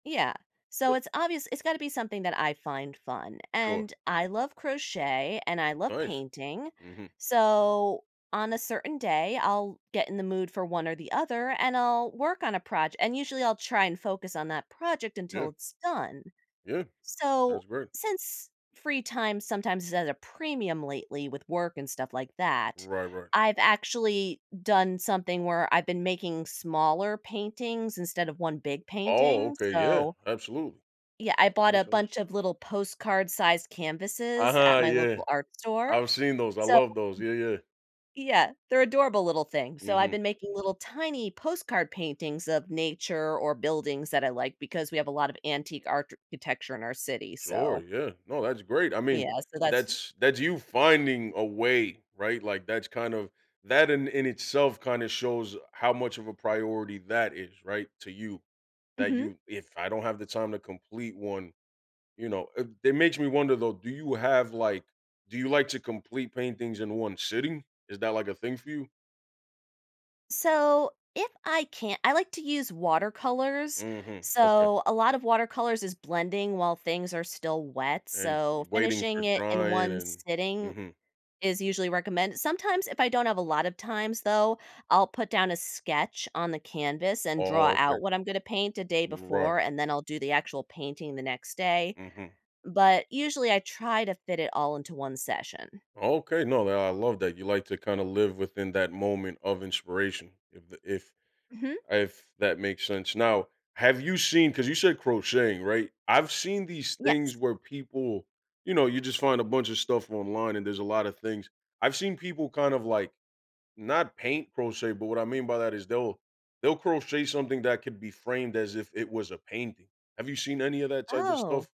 Yeah, so it's obvious it's gotta be something that I find fun, Sure. and I love crochet, and I love Nice, painting, mhm. so, on a certain day, I'll get in the mood for one or the other, and I'll work on a proj and usually, I'll try and focus on that project Yeah. until it's done. Yeah, that's So, great. since free time sometimes is at a premium lately with work and stuff like that, Right, right. I've actually done something where I've been making smaller paintings instead of 1 big Oh, painting, okay yeah, so absolutely, Yeah, I that bought makes a sense. bunch of little postcard sized canvases at Uh-huh, my yeah, local art store, I've seen those, I so [unintelligible] love those yeah, yeah. yeah, they're adorable little things, so, I've Mhm. been making little tiny postcard paintings of nature or buildings that I like because we have a lot of antique architecture in our city, Sure, so yeah, no, that's great, I mean, Yeah, so, that's that's that's you finding a way, right, like, that's kind of that in in itself kind of shows how much of a priority that is, right, to you, that Mhm. you "If I don't have the time to complete one," you know, it it makes me wonder though, do you have, like, do you like to complete paintings in one sitting? Is that, like, a thing for you? So, if I can't I like to use watercolors, Mhm, okay. so, a lot of watercolors is blending while things are still wet, And so, waiting for finishing it in drying 1 and sitting mhm. is usually recommend sometimes if I don't have a lot of times, though, I'll put down a sketch on the canvas Oh and oh, draw okay. out what I'm gonna paint a day Right. before, and then I'll do the actual painting the next day. Mhm. But usually, I try to fit it all into 1 session. Okay, no, that I love that, you like to kinda live within that moment of inspiration, if th if Mhm. if that makes sense. Now, have you seen 'cause you said crocheting, right? I've seen these things Yes. where people you know, you just find a bunch of stuff online and there's a lotta things I've seen people kind of, like not paint crochet, but what I mean by that is they'll they'll crochet something that could be framed as if it was a painting. Have you seen any of that type of stuff? Oh.